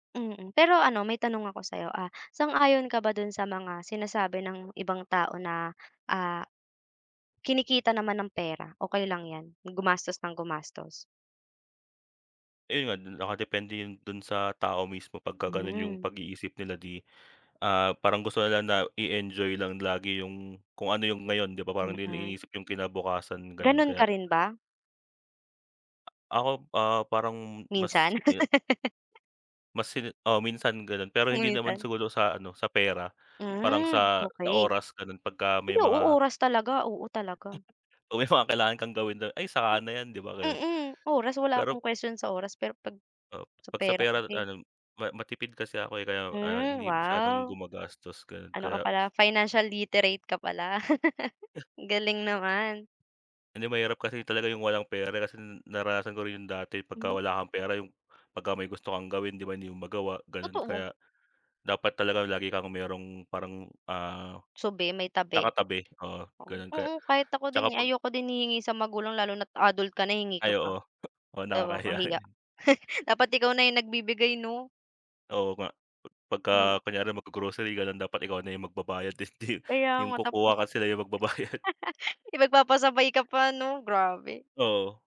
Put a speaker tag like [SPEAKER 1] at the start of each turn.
[SPEAKER 1] Mm, pero ano may tanong ako sayo, ah, sang-ayon ka ba do'n sa mga sinasabi ng ibang tao na, ah, kinikita naman ang pera, okey lang yan yung gumastos ng gumastos?
[SPEAKER 2] Ayun, nakadepende yun do'n sa tao mismo pagka gano'n yung
[SPEAKER 1] Hmm.
[SPEAKER 2] pag-iisip nila di, ah, parang gusto nila na i-enjoy lang lagi yung kung ano yung ngayon di ba, parang di nila
[SPEAKER 1] Mm.
[SPEAKER 2] iniisip yung kinabukasan gano'n
[SPEAKER 1] Gano'n
[SPEAKER 2] kaya
[SPEAKER 1] ka rin ba?
[SPEAKER 2] Ako, ah, parang mas
[SPEAKER 1] Minsan?
[SPEAKER 2] e mas hin oo, minsan gano'n pero hindi naman
[SPEAKER 1] Kalimitan.
[SPEAKER 2] siguro sa ano sa pera parang
[SPEAKER 1] Hmm,
[SPEAKER 2] sa, sa
[SPEAKER 1] okey.
[SPEAKER 2] oras gano'n pagka
[SPEAKER 1] Ay,
[SPEAKER 2] may
[SPEAKER 1] oo
[SPEAKER 2] mga
[SPEAKER 1] oras talaga, oo, talaga.
[SPEAKER 2] Oo, pag may mga kailangan kang gawin, "ay saka na yan" di ba gano'n.
[SPEAKER 1] Mm, oras wala
[SPEAKER 2] Pero
[SPEAKER 1] akong question sa oras pero pag
[SPEAKER 2] Oo,
[SPEAKER 1] sa
[SPEAKER 2] pag sa
[SPEAKER 1] pera
[SPEAKER 2] pera
[SPEAKER 1] kasi
[SPEAKER 2] ano ma matipid kasi ako, eh, kaya, ah,
[SPEAKER 1] Hmm,
[SPEAKER 2] hindi masyadong
[SPEAKER 1] wow.
[SPEAKER 2] gumagastos gano'n
[SPEAKER 1] Ano ka
[SPEAKER 2] kaya
[SPEAKER 1] pala financial literate ka pala. Ang galing naman.
[SPEAKER 2] Hindi mahirap kasi talaga yung walang pera di kasi naranasan ko rin yung dati pagka
[SPEAKER 1] Hmm.
[SPEAKER 2] wala kang pera yung pagka may gusto kang gawin di ba hindi mo magawa, gano'n.
[SPEAKER 1] Totoo.
[SPEAKER 2] Kaya dapat talaga lagi kang mayrong parang, ah,
[SPEAKER 1] Subi may tabi.
[SPEAKER 2] nakatabi oo, gano'n kaya
[SPEAKER 1] Oo, kahit ako
[SPEAKER 2] 'tsaka
[SPEAKER 1] din, eh,
[SPEAKER 2] pag
[SPEAKER 1] ayoko din hihingi sa magulang lalo na't adult ka na hingi ka
[SPEAKER 2] Ay,
[SPEAKER 1] pa.
[SPEAKER 2] oo oo,
[SPEAKER 1] 'Di ba
[SPEAKER 2] nakakahiya
[SPEAKER 1] kahiya.
[SPEAKER 2] yun.
[SPEAKER 1] Dapat ikaw na yung nagbibigay 'no?
[SPEAKER 2] Oo nga,
[SPEAKER 1] Hmm.
[SPEAKER 2] pagka kunyari maggo-grocery gano'n dapat ikaw na yung magbabayad hindi
[SPEAKER 1] Kaya
[SPEAKER 2] yung
[SPEAKER 1] nga tapos,
[SPEAKER 2] kukuha ka sila yung magbabayad.
[SPEAKER 1] eh, magpapasabay ka pa 'no? Grabe.
[SPEAKER 2] Oo.